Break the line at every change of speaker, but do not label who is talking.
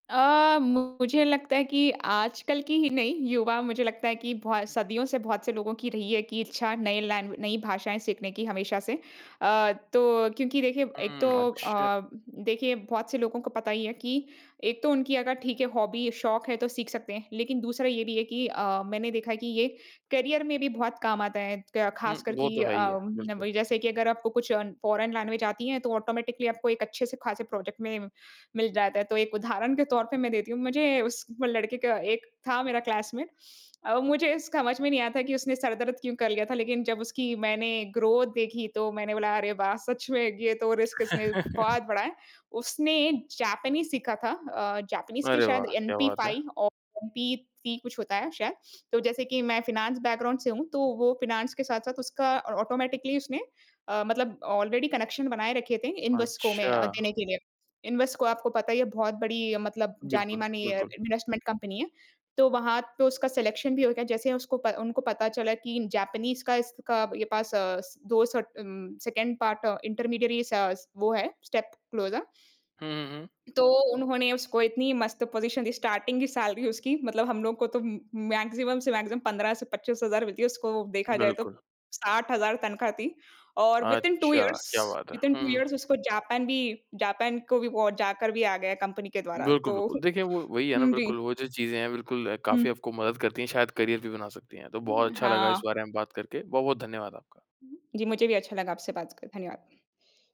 अ, मुझे लगता है कि आज कल की ही नहीं, युवा मुझे लगता है कि बहु सदियों से बहुत से लोगों की रही है कि इच्छा, नए लैंवे नई भाषाएंँ सीखने की, हमेशा से। अ, तो क्योंकि देखिए, एक तो
हुँ, अच्छा।
अ, देखिए, बहुत से लोगों को पता ही है कि एक तो उनकी अगर, ठीक है, हॉबी शौक है, तो सीख सकते हैं। लेकिन दूसरा ये भी है कि अ, मैंने देखा है कि ये करियर में भी बहुत काम आता है। क
हुँ,
ख़ासकर
वो
कि
तो है ही
अ,
है। बिल्कुल।
वही जैसे कि अगर आपको कुछ फ़ॉरेन लैंग्वेज़ आती है, तो ऑटोमैटिकली आपको एक अच्छे से ख़ासे प्रोजेक्ट में मिल जाता है। तो एक उदाहरण के तौर पे मैं देती हूँ। मुझे उस वो लड़के का एक था मेरा क्लासमेट। अ, मुझे स समझ में नहीं आया था कि उसने सर दर्द क्यों कर लिया था? लेकिन जब उसकी मैंने ग्रोथ देखी, तो मैंने बोला, "अरे, वाह! सच में, ये तो रिस्क इसने बहुत बड़ा है। उसने जैपनीज़ सीखा था अ, जैपनीज़ के
अरे, वाह!
शायद
क्या बात है।
एमपी-फाइव और एमपी-थ्री कुछ होता है, शायद। तो जैसे कि मैं फाइनेंस बैकग्राउंड से हूँ, तो वो फ़ाइनेंस के साथ-साथ उसका और ऑटोमैटिकली उसने अ, मतलब ऑलरेडी कनेक्शन बनाये रखे थे, इन्वेस्को में
अच्छा।
देने के लिए। इन्वेस्को, आपको पता ही है, बहुत बड़ी मतलब
बिल्कुल,
जानी-मानी अ,
बिल्कुल।
इन्वेस्टमेंट कंपनी है। तो वहाँ पे उसका सिलेक्शन भी हो गया, जैसे उसको उनको पता चला कि जैपनीज़ का इसका ये पास अस 2 सर्ट उम, 2nd पार्ट इंटरमीडियरी सा स वो है, स्टेप क्लोज़र।
हुँ, हुँ, हुँ।
तो उन्होंने उसको इतनी मस्त पोज़ीशन दी। स्टार्टिंग की सैलरी उसकी मतलब हम लोग को तो उम उम, मैक्सिमम से मैक्सिमम 15 से 25 हज़ार मिलती है। उसको देखा जाए, तो
बिल्कुल।
60 हज़ार तनख़्वाह थी। और विदिन टू
अच्छा,
इयर्स
क्या बात है।
विदिन
हुँ,
टू
हुँ।
इयर्स, उसको जापान भी जापान को भी वो जाकर भी आ गया, कंपनी के द्वारा।
बिल्कुल,
तो
बिल्कुल। देखिए, वो वही है ना,
हुँ, जी।
बिल्कुल, वो जो चीज़ें हैं, बिल्कुल, काफ़ी
हुँ
आपको मदद करती हैं। शायद करियर भी बना सकती हैं। तो बहुत
हुँ,
अच्छा लगा इस
हाँ।
बारे में बात करके। बहुत-बहुत धन्यवाद आपका।
जी, मुझे भी अच्छा लगा आपसे बात करके। धन्यवाद।